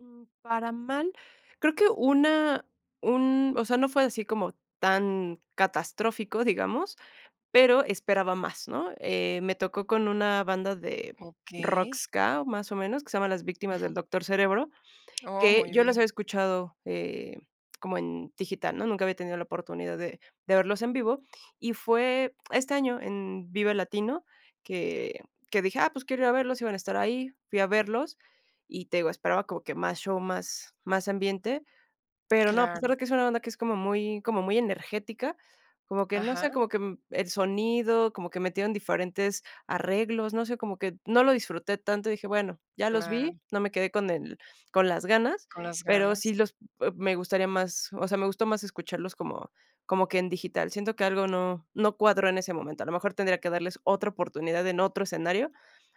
Mm, para mal. Creo que una un, o sea, no fue así como tan catastrófico, digamos, pero esperaba más, ¿no? Eh, me tocó con una banda de rock Okey. ska, más o menos, que se llama las Víctimas del Ujú. Doctor Cerebro, Oh, que muy yo los bien. había escuchado, eh, como en digital, ¿no? Nunca había tenido la oportunidad de de verlos en vivo, y fue este año en Vive Latino que que dije: "Ah, pues quiero ir a verlos", iban a estar ahí, fui a verlos y, te digo, esperaba como que más show, más más ambiente. Pero no, a Claro. pesar de que es una banda que es como muy como muy energética, como que, no sé, Ajá. como que el sonido, como que metieron diferentes arreglos, no sé, como que no lo disfruté tanto. Dije: "Bueno, ya los Claro. vi, no me quedé con el con las ganas", Con las pero ganas. sí los e me gustaría más, o sea, me gustó más escucharlos como como que en digital. Siento que algo no no cuadró en ese momento, a lo mejor tendría que darles otra oportunidad en otro escenario,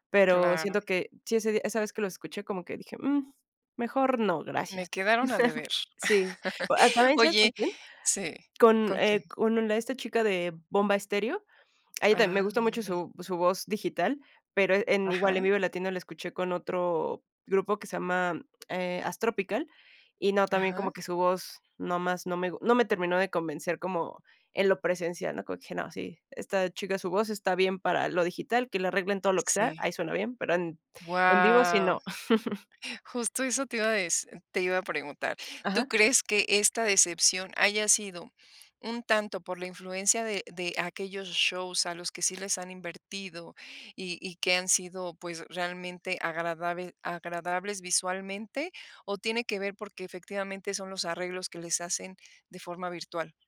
pero, Claro. siento que sí, ese día esa vez que lo escuché, como que dije: "Mm, mejor no, gracias" Me quedaron a deber. Sí. Pero también, ¿sabes con Oye quién? Sí, Con, ¿con quién? eh, con el esta chica de Bomba Estéreo. A ella también me Ah, gusta mucho okey. su su voz digital, pero e en igual en Ajá. Vive Latino la escuché con otro grupo que se llama, eh, Astropical, y no, también como Ajá. que su voz nomás, no me gu no me terminó de convencer como, en lo presencial, ¿no? Como que no, sí, esta chica, su voz está bien para lo digital, que le arreglen todo lo que sea, Sí. ahí suena bien, pero en en vivo sí, Guau, no. justo eso te iba a deci te iba a preguntar. ¿Tú Ajá. crees que esta decepción haya sido un tanto por la influencia de de aquellos shows a los que sí les han invertido, y y que han sido, pues, realmente agradabe agradables visualmente? ¿O tiene que ver porque efectivamente son los arreglos que les hacen de forma virtual?